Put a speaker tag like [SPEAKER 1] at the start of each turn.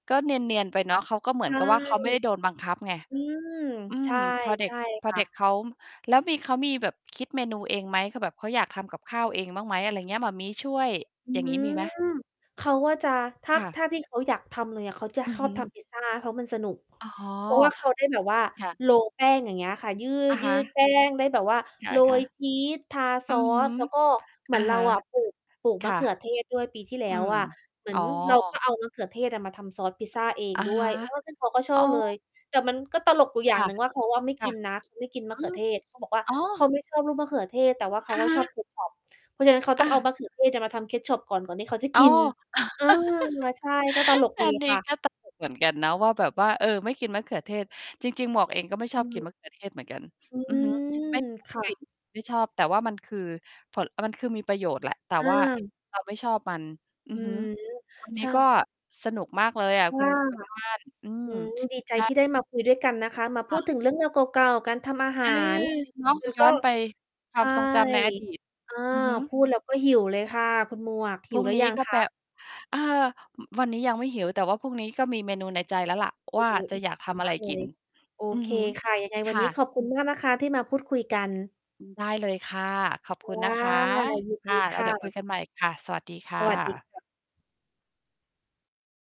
[SPEAKER 1] ก็เนียน ๆ ไปเนาะ เขาก็เหมื
[SPEAKER 2] ใ
[SPEAKER 1] อ
[SPEAKER 2] ช
[SPEAKER 1] น
[SPEAKER 2] ่
[SPEAKER 1] กับว่า เขาไม่ได้โดนบังคับไง
[SPEAKER 2] อืม
[SPEAKER 1] อื
[SPEAKER 2] ใช
[SPEAKER 1] ม
[SPEAKER 2] ่
[SPEAKER 1] พอเ
[SPEAKER 2] ใ
[SPEAKER 1] ด
[SPEAKER 2] ช
[SPEAKER 1] ็ก
[SPEAKER 2] ่
[SPEAKER 1] พ
[SPEAKER 2] ค
[SPEAKER 1] อ
[SPEAKER 2] ่
[SPEAKER 1] เด็ก
[SPEAKER 2] ะ
[SPEAKER 1] เขา แล้วมี เขามีแบบคิดเมนูเองไหม? คือแบบเขาอยากทำกับข้าวเองบ้างไหม อะไรเงี้ย หม่ามี้ช่วย
[SPEAKER 2] อื
[SPEAKER 1] อย่างงี้ มี
[SPEAKER 2] ม
[SPEAKER 1] ไหม?
[SPEAKER 2] เขาก็จะ ถ้า
[SPEAKER 1] ค่ะ
[SPEAKER 2] ถ้าที่เขาอยากทำเลยอะ เขาจะ
[SPEAKER 1] อื
[SPEAKER 2] ค
[SPEAKER 1] อ
[SPEAKER 2] อ
[SPEAKER 1] ฮ
[SPEAKER 2] บ
[SPEAKER 1] ึ
[SPEAKER 2] ทำพิซซา เพราะมันสนุก
[SPEAKER 1] อ๋อ
[SPEAKER 2] เพราะเขาได้แบบว่า
[SPEAKER 1] ค่ะ
[SPEAKER 2] โรล แป้ง อย่างเงี้ยค่ะ ย
[SPEAKER 1] อะฮ
[SPEAKER 2] ืด
[SPEAKER 1] ะ
[SPEAKER 2] ๆ แป้งได้แบบว่า
[SPEAKER 1] ค
[SPEAKER 2] โร
[SPEAKER 1] ่ะ
[SPEAKER 2] ยชีส ทา
[SPEAKER 1] ๆ
[SPEAKER 2] ซ
[SPEAKER 1] อื
[SPEAKER 2] อ
[SPEAKER 1] อฮึ
[SPEAKER 2] ส แล้วก็เหม
[SPEAKER 1] อ
[SPEAKER 2] ือ
[SPEAKER 1] ะ
[SPEAKER 2] นเร
[SPEAKER 1] ฮ
[SPEAKER 2] า
[SPEAKER 1] ะ
[SPEAKER 2] อะปลูก ปลูก
[SPEAKER 1] ค
[SPEAKER 2] มะ
[SPEAKER 1] ่
[SPEAKER 2] เข
[SPEAKER 1] ะ
[SPEAKER 2] ือเทศด้วยปีที่แล้
[SPEAKER 1] อื
[SPEAKER 2] ว
[SPEAKER 1] ม
[SPEAKER 2] อะ เหมือ
[SPEAKER 1] อ๋
[SPEAKER 2] น
[SPEAKER 1] อ
[SPEAKER 2] เราก็เอามะเขือเทศมาทำซอสพิซซาเอง
[SPEAKER 1] อะ
[SPEAKER 2] ด้
[SPEAKER 1] ฮ
[SPEAKER 2] ว
[SPEAKER 1] ะ
[SPEAKER 2] ย เออ ซึ่งเขาก็ช
[SPEAKER 1] อ
[SPEAKER 2] อ
[SPEAKER 1] ๋อ
[SPEAKER 2] บเลย แต่มันก็ตลกอยู่อย
[SPEAKER 1] ค
[SPEAKER 2] ่า
[SPEAKER 1] ่
[SPEAKER 2] ง
[SPEAKER 1] ะ
[SPEAKER 2] หนึ่งว่า เขาอะไม่
[SPEAKER 1] ค
[SPEAKER 2] ก
[SPEAKER 1] ่ะ
[SPEAKER 2] ินนะ เขาไม่กินม
[SPEAKER 1] อ
[SPEAKER 2] ะ
[SPEAKER 1] อ
[SPEAKER 2] เ
[SPEAKER 1] ื
[SPEAKER 2] ขือ
[SPEAKER 1] ม
[SPEAKER 2] เทศ เขาบอกว่า
[SPEAKER 1] อ๋อ
[SPEAKER 2] เขาไม่ชอบลูกมะเขือเทศ แต่ว่าเข
[SPEAKER 1] อ
[SPEAKER 2] า
[SPEAKER 1] ะ
[SPEAKER 2] อ
[SPEAKER 1] ฮ
[SPEAKER 2] ะชอบ
[SPEAKER 1] ะ
[SPEAKER 2] Ketchup เพราะฉะนั้นเขาต้
[SPEAKER 1] อ
[SPEAKER 2] องเอา
[SPEAKER 1] า
[SPEAKER 2] มะเขือเทศน่ะ มาทำ Ketchup ก่อน ก่อนที่เขาจะ
[SPEAKER 1] อ
[SPEAKER 2] ก
[SPEAKER 1] ๋อ
[SPEAKER 2] ิน เออ อา ใช่ ก็ตลก
[SPEAKER 1] อั
[SPEAKER 2] ดี
[SPEAKER 1] นนี้
[SPEAKER 2] ค่ะ
[SPEAKER 1] ก็ ตลก เหมือนกัน เนาะว่า แบบว่า เออ ไม่กินมะเขือเทศ จริง ๆ หมวกเองก็ไม่ช
[SPEAKER 2] อื
[SPEAKER 1] อบกิน
[SPEAKER 2] ม
[SPEAKER 1] มะ เขือ เทศเหมือนกัน
[SPEAKER 2] อื
[SPEAKER 1] อือฮึ ไม่
[SPEAKER 2] ม
[SPEAKER 1] ชอ
[SPEAKER 2] ค
[SPEAKER 1] บ
[SPEAKER 2] ่
[SPEAKER 1] กล
[SPEAKER 2] ะ
[SPEAKER 1] ิ่น ไม่ชอบ แต่ว่ามัน คือผล มันคือมีประโยชน์แหละ แต่
[SPEAKER 2] อ
[SPEAKER 1] ว่า
[SPEAKER 2] า
[SPEAKER 1] เรา ไม่ชอบมัน อื
[SPEAKER 2] อ
[SPEAKER 1] อ
[SPEAKER 2] ื้อ
[SPEAKER 1] ฮึ
[SPEAKER 2] ฮือ
[SPEAKER 1] วัน น
[SPEAKER 2] ใ
[SPEAKER 1] ี
[SPEAKER 2] ช
[SPEAKER 1] ้
[SPEAKER 2] ่
[SPEAKER 1] ก็สนุกมากเลยอะ
[SPEAKER 2] ค่
[SPEAKER 1] คุ
[SPEAKER 2] ะ
[SPEAKER 1] ณ คุณบ้าน อื
[SPEAKER 2] อ
[SPEAKER 1] ม
[SPEAKER 2] ืม ดีใจ
[SPEAKER 1] ได้
[SPEAKER 2] ที่ได้มาคุยด้วยกันนะคะ มาพ
[SPEAKER 1] ค
[SPEAKER 2] ู
[SPEAKER 1] ่ะ
[SPEAKER 2] ดถึงเรื่องราวเก่า ๆ การทำอาห
[SPEAKER 1] อื
[SPEAKER 2] า
[SPEAKER 1] ม
[SPEAKER 2] ร
[SPEAKER 1] เนาะ
[SPEAKER 2] แล้ว
[SPEAKER 1] ย
[SPEAKER 2] ก
[SPEAKER 1] ้
[SPEAKER 2] ็
[SPEAKER 1] อนไปค
[SPEAKER 2] ใช
[SPEAKER 1] วาม
[SPEAKER 2] ่
[SPEAKER 1] ทรงจำใน อดีต
[SPEAKER 2] อา
[SPEAKER 1] อือฮึ
[SPEAKER 2] พูดแล้ว ก็หิวเลยค่ะ คุณหมวกห
[SPEAKER 1] พ
[SPEAKER 2] ิ
[SPEAKER 1] รุ
[SPEAKER 2] ว
[SPEAKER 1] ่ง
[SPEAKER 2] หรือ
[SPEAKER 1] นี
[SPEAKER 2] ย
[SPEAKER 1] ้
[SPEAKER 2] ัง
[SPEAKER 1] ก็
[SPEAKER 2] ค
[SPEAKER 1] แป
[SPEAKER 2] ะ?
[SPEAKER 1] เออ อ วันนี้ยังไม่หิว แต่ว่าพรุ่งนี้ก็มีเมนูในใจแล้วล่ะ
[SPEAKER 2] โอ
[SPEAKER 1] ว
[SPEAKER 2] ้
[SPEAKER 1] ่า
[SPEAKER 2] โฮ
[SPEAKER 1] จะ
[SPEAKER 2] อิจ
[SPEAKER 1] อยากท
[SPEAKER 2] ฉา
[SPEAKER 1] ำอะ
[SPEAKER 2] ม
[SPEAKER 1] ไร
[SPEAKER 2] ากเล
[SPEAKER 1] กิน
[SPEAKER 2] ย โอ
[SPEAKER 1] อือ
[SPEAKER 2] เค
[SPEAKER 1] ฮึ
[SPEAKER 2] ค่ะ ยังไง
[SPEAKER 1] ค
[SPEAKER 2] วัน
[SPEAKER 1] ่
[SPEAKER 2] นี้
[SPEAKER 1] ะ
[SPEAKER 2] ขอบคุณมากนะคะ ที่มาพูดคุยกัน
[SPEAKER 1] อือ ได้เลยค่ะ ขอบ
[SPEAKER 2] ค
[SPEAKER 1] คุณ
[SPEAKER 2] ่ะ
[SPEAKER 1] นะคะ
[SPEAKER 2] ยิน
[SPEAKER 1] ค
[SPEAKER 2] ด
[SPEAKER 1] ่
[SPEAKER 2] ี
[SPEAKER 1] ะ แ
[SPEAKER 2] ค
[SPEAKER 1] ล้วเ
[SPEAKER 2] ่
[SPEAKER 1] ดี๋ยวคุย
[SPEAKER 2] ะ
[SPEAKER 1] กันใหม่ค่ะ สวัสดีค
[SPEAKER 2] ส
[SPEAKER 1] ่
[SPEAKER 2] วัสดี
[SPEAKER 1] ะ
[SPEAKER 2] ค่ะ